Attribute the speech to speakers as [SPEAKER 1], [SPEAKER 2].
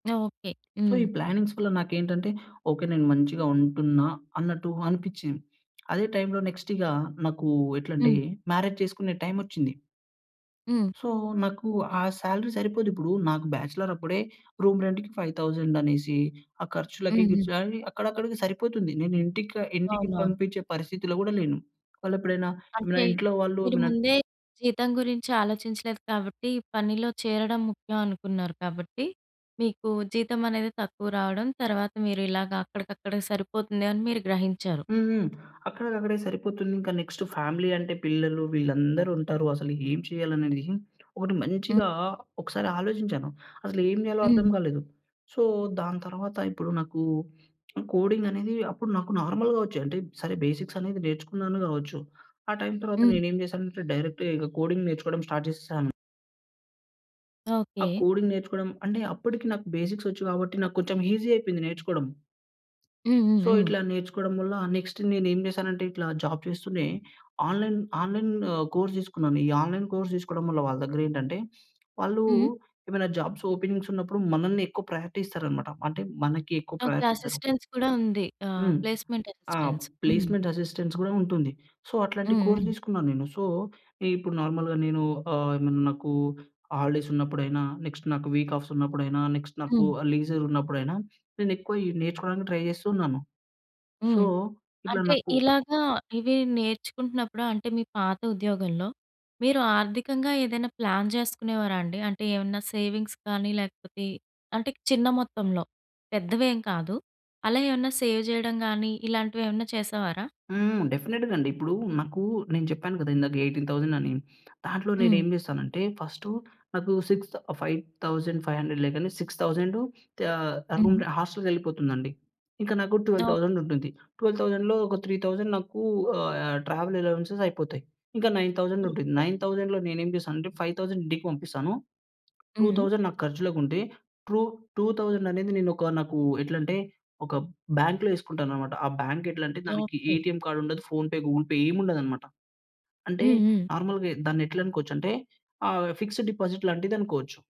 [SPEAKER 1] Okay.
[SPEAKER 2] So,
[SPEAKER 1] హ్మ్.
[SPEAKER 2] ఈ plannings వల్ల నాకేంటంటే, ఓకే. నేను మంచిగా ఉంటున్నా, అన్నట్టు అనిపించింది. అదే టైంలో నెక్స్టిగా, నాకూ ఎట్లంటే,
[SPEAKER 1] హ్మ్.
[SPEAKER 2] మ్యారేజ్ చేసుకునే టైమోచ్చింది...
[SPEAKER 1] హ్మ్.
[SPEAKER 2] సో, నాకు ఆ సాలరీ సరిపోదిప్పుడూ. నాకు బ్యాచలరప్పుడే రూమ్ రెంట్‌కి 5,000 అనేసి, ఆ ఖర్చులకి,
[SPEAKER 1] హ్మ్. హ్మ్.
[SPEAKER 2] గిర్చు‌లని అక్కడక్కడికి సరిపోతుంది. నేను ఇంటిక ఇంటికి
[SPEAKER 1] అవునవును.
[SPEAKER 2] పంపించే పరిస్థితిలో గూడా లేను. వాళ్ళేప్పుడైనా, ఏమైనా
[SPEAKER 1] అంటే,
[SPEAKER 2] ఇంట్లో వాళ్ళు
[SPEAKER 1] మీరు
[SPEAKER 2] నన్
[SPEAKER 1] ముందే జీతం గురించాలోచించలేదు కాబట్టి, పనిలో చేరడం ముఖ్యం అనుకున్నారు కాబట్టి, మీకు జీతం అనేది తక్కువ రావడం, తర్వాత మీరిలాగ అక్కడికక్కడికి సరిపోతుంది అని మీరు గ్రహించారు.
[SPEAKER 2] హ్మ్, హ్మ్. అక్కడికక్కడే సరిపోతుంది. ఇంకా నెక్స్టు ఫ్యామిలీ అంటే పిల్లలు, వీళ్ళందరుంటారు, అసలు ఏం చేయాలనేడిది, ఒకటి మంచిగా
[SPEAKER 1] హ్మ్.
[SPEAKER 2] ఒకసారి ఆలోచించాను. అసలేం జేయాలో అర్థం
[SPEAKER 1] హ్మ్.
[SPEAKER 2] గాలేదు. సో, దాంతర్వాత, ఇప్పుడు నాకు హ్మ్, కోడింగనేది, అప్పుడు నాకు నార్మల్‌గా వచ్చే, అంటే, సరే బేసిక్స్ అనేది నేర్చుకున్నాను గావచ్చు. ఆ టైం తర్వాత
[SPEAKER 1] హ్మ్.
[SPEAKER 2] నేనేం జేశానంటే, డైరెక్ట్‌గా ఇక కోడింగ్ నేర్చుకోవడం స్టార్ట్ జేసేసాను... ఆ
[SPEAKER 1] ఓకే.
[SPEAKER 2] కోడింగ్ నేర్చుకోడం అంటే అప్పడికి నాకు బేసిక్స్ ఒచ్చు గాబట్టి, నాకు కొంచెం ఈజీ అయిపోయింది నేర్చుకోడం...
[SPEAKER 1] హ్మ్. హ్మ్.
[SPEAKER 2] సో,
[SPEAKER 1] హ్మ్.
[SPEAKER 2] ఇట్లా నేర్చుకోడం వల్ల, నెక్స్టు నేను ఏం చేశానంటే ఇట్లా జాబ్ జేస్తూనే ఆన్‌లైన్ ఆన్‌లైన్ ఆహ్, కోర్స్ తీసుకున్నాను. ఈ ఆన్‌‌లైన్ కోర్స్ తీసుకోవడం వల్ల వాళ్ళ దెగ్గరేంటంటే, వాళ్ళు
[SPEAKER 1] హ్మ్.
[SPEAKER 2] ఏమైనా జాబ్స్ ఓపెనింగ్స్ ఉన్నపుడు మనల్ని ఎక్కువ ప్రయారిటీ ఇస్తారనమాట. అంటే మనకి ఎక్కువ
[SPEAKER 1] ఓకే.
[SPEAKER 2] ప్రయారిటీ ఇస్తరు.
[SPEAKER 1] అసిస్టెన్స్ కూడా ఉంది. ఆహ్,
[SPEAKER 2] హ్మ్.
[SPEAKER 1] ప్లేస్మెంట్
[SPEAKER 2] ఆహ్,
[SPEAKER 1] అసిస్టెన్స్. హ్మ్.
[SPEAKER 2] ప్లేస్మెంట్ అసిస్టెన్స్ గూడా ఉంటుంది. సో, అట్లాంటి
[SPEAKER 1] హ్మ్.
[SPEAKER 2] కోర్స్
[SPEAKER 1] హ్మ్.
[SPEAKER 2] తీసుకున్నా నేను. సో, ఈప్పుడు నార్మల్‌గా నేను ఆహ్, ఏమన్నా నాకు హాలిడేస్ ఉన్నపుడైనా, నెక్స్ట్ నాకు వీక్ ఆఫ్స్ ఉన్నప్పుడైనా, నెక్స్ట్ నాకు
[SPEAKER 1] హ్మ్.
[SPEAKER 2] ఆహ్, లీజరున్నప్పుడైనా, నేనెక్కువ ఈ నేర్చుకోవడానికి ట్రై జేస్తు ఉన్నాను.
[SPEAKER 1] హ్మ్.
[SPEAKER 2] సో, ఇట్లా
[SPEAKER 1] అంటే
[SPEAKER 2] నాకు
[SPEAKER 1] ఇలాగా, ఇవి నేర్చుకుంటున్నప్పుడు, అంటే మీ పాత ఉద్యోగంలో, మీరు ఆర్థికంగా ఏదైనా ప్లాన్ చేసుకునేవారా అండి? అంటే ఏమన్నా సేవింగ్స్ కానీ, లేకపోతే అంటే చిన్న మొత్తంలో, పెద్దవేం కాదు. అలా ఏమన్నా సేవ్ జేయడం గాని, ఇలాంటివేమన్నా చేసేవారా?
[SPEAKER 2] హ్మ్. డెఫినిట్‌గండి. ఇప్పుడూ నాకూ, నేను చెప్పాను కదా! ఇందాక 18,000 థౌసండని, దాంట్లో
[SPEAKER 1] హ్మ్.
[SPEAKER 2] నేనేం జేస్తానంటే, ఫస్టు నాకు సిక్స్ థ ఆహ్, 5,500 లేగాని 6,000 ఆహ్,
[SPEAKER 1] హుహు.
[SPEAKER 2] ఎలగుంటే హోస్టల్‌కెళ్ళిపోతుందండి. ఇంక నాకు 12,000
[SPEAKER 1] ఓకే.
[SPEAKER 2] థౌసండుంటుంది, 12,000లో ఒక 3,000 నాకు ఆహ్, యాహ్, ట్రావెల్ అలోవెన్స్‌స్ అయిపోతాయి. ఇంకా 9,000 థౌసండుంటుంది,
[SPEAKER 1] ఓకే.
[SPEAKER 2] 9,000లో నేనేం జేశానంటే, 5,000 ఇంటికి పంపిస్తాను. టూ
[SPEAKER 1] హ్మ్.
[SPEAKER 2] థౌసండ్ నాకర్చులకుంటే, ట్రూ టూ థౌసండనేది నేనొక, నాకు ఎట్లంటే, ఒక బ్యాంక్‌లో ఎసుకుంటాననమాట. ఆ బ్యాంకెట్లంటే దానికి
[SPEAKER 1] ఓకే.
[SPEAKER 2] ఏటీఎం కార్డుండదు, ఫోన్‌పే, గూగుల్‌పే ఏముండదనమాట. అంటే
[SPEAKER 1] హ్మ్. హ్మ్.
[SPEAKER 2] నార్మల్‌గా దాన్నేట్లనుకోవచ్చంటే ఆహ్, ఫిక్స్డ్ డిపాజిట్ లాంటిదనుకోవచ్చు.